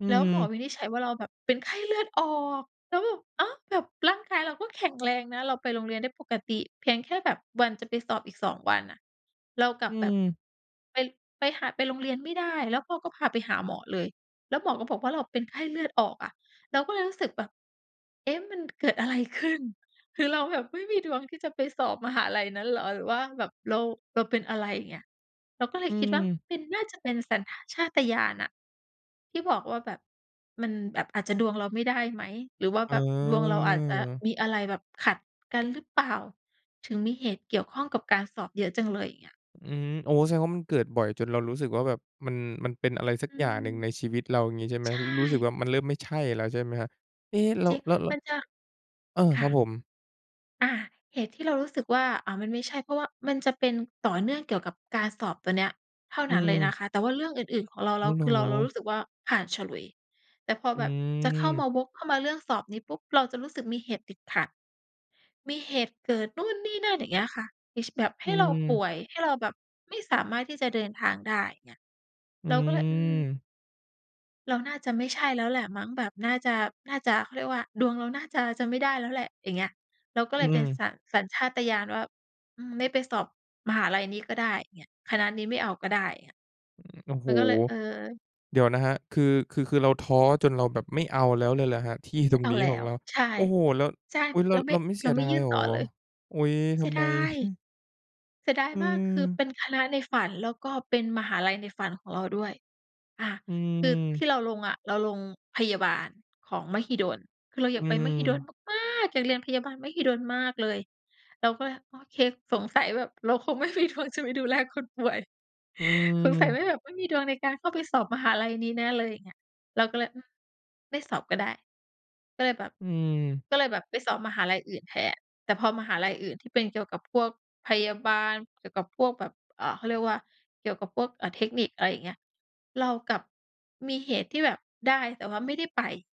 อืแล้วหมอม วินิจฉัยว่าเราแบบเป็น ไข้เลือดออก แล้วแบบ อ้าว! แบบร่างกายเรา ก็ แข็งแรงนะ เราไปโรงเรียนได้ปกติ เพียงแค่แบบวันจะไปสอบอีก 2 วันอะ เรากลัอบืแบบ ม ไป ไปหา ไปโรงเรียนไม่ได้ แล้วพ่อก็พาไปหาหมอเลย แล้วหมอก็บอกว่าเราเป็นไข้เลือดออกอะ เราก็เลยรู้สึกแบบ "เอ๊ะ! มันเกิดอะไรขึ้น? คือเราแบบไม่มีดวงที่จะไปสอบมหาลัยนั้นเหรอ? หรือว่าแบบเรา เราเป็นอะไร?" อย่างเงี้ย เราก็เลอืยคิดว่าม เป็น น่าจะเป็นสัญ ท ชาตญาณอะ ที่บอกว่าแบบมันแบบ อาจจะดวงเราไม่ได้ไหม หรือว่าแบบดวงเราอาจจะเออ มีอะไรแบบขัดกันหรือเปล่า ถึงมีเหตุเกี่ยวข้องกับการสอบเยอะจังเลย อย่างเงี้ย อืม โอ้ แสดงว่ามันเกิดบ่อยจนเรารู้สึกว่าแบบ มัน มันเป็นอะไรสักอือย่างม หนึ่งในชีวิตเรา อย่างงี้ใช่ไหม ใชรู้สึก่ ว่ามันเริ่มไม่ใช่แล้ว ใช่ไหมครับ? เอ๊! แล้จว ริง แล้ว แล้มว ันจะ อา คค่รับะ ผม อา เหตุที่เรารู้สึกว่า อ่า มันไม่ใช่ เพราะว่ามันจะเป็น ต่อเนื่องเกี่ยวกับการสอบตัวเนี้ย เท่าอืนั้นเลยม นะคะ แต่ว่าเรื่องอื่น ๆ ของเรา อเร่า อ เหรคือเรา เราอ? รู้สึกว่าผ่านฉลุย แต่พออืแบบจะเข้ามม า วกเข้ามาเรื่องสอบนี้ปุ๊บ เราจะรู้สึกมีเหตุติดขัด มีเหตุเกิดนู่นนี่นั่น อย่างเงี้ยค่ะ อย่างเช่ แบบใอหื้เราปม ่วย ให้เราแบบไม่สามารถที่จะเดินทางได้ อย่างเงี้ย อืเราก็เลย อืม ม เราน่าจะไม่ใช่แล้วแหละมั้ง แบบ น่าจะ น่าจะ เขาเรียกว่าดวงเราน่าจะ จะไม่ได้แล้วแหละ อย่างเงี้ย เราก็อเืลยเป็นม สัญ สัญชาตญาณว่า อืม ไม่ไปสอบมหาลัยนี้ก็ได้ อย่างเงี้ย คณะนี้ไม่เอาก็ได้ อย่างเงี้ย โอ้โมฮ! ันก็เลย เออ เดี๋ยวนะครับ คือ คือ คือเราท้อจนเราแบบไม่เอาแล้วเลยเหรอครับ ที่ไตม่รงเอานี้แลขอ้งว เรา ใช่ โอ้โฮ! แล้ว ใช่ อุ๊ย! แเราไม่ ล้วไม่เสเรีายไดม่ายยื่นเหรตอ? ่อเลย อุ้ย! เสทียำไดม? าย ฮึ เสียดายอมาก คือเืม ป็นคณะในฝัน แล้วก็เป็นมหาลัยในฝันของเราด้วย อ่า อืคือทม ี่เราลงอะ เราลงพยาบาลของมหิดล คือเราออืยากไปมหิดลม มาก ๆ อยากเรียนพยาบาลมหิดลมากเลย เราก็เลย โอเค สงสัยแบบเราคงไม่มีดวงจะไปดูแลคนป่วย อืสงสัยไม ม่ แบบไม่มีดวงในการเข้าไปสอบมหาลัยนี้นะเลย อย่างเงี้ย เราก็เลย อืม ไม่สอบก็ได้ ก็เลยแบบ อืม ก็เลยแบบไปสอบมหาลัยอื่นแทน แต่พอมหาลัยอื่นที่เป็นเกี่ยวกับพวกพยาบาล เกี่ยวกับพวกแบบ อ่า เขาเรียกว่า เกี่ยวกับพวก อา เทคนิค อะไรอย่างเงี้ย เรากลับมีเหตุที่แบบได้ แต่ว่าไม่ได้ไป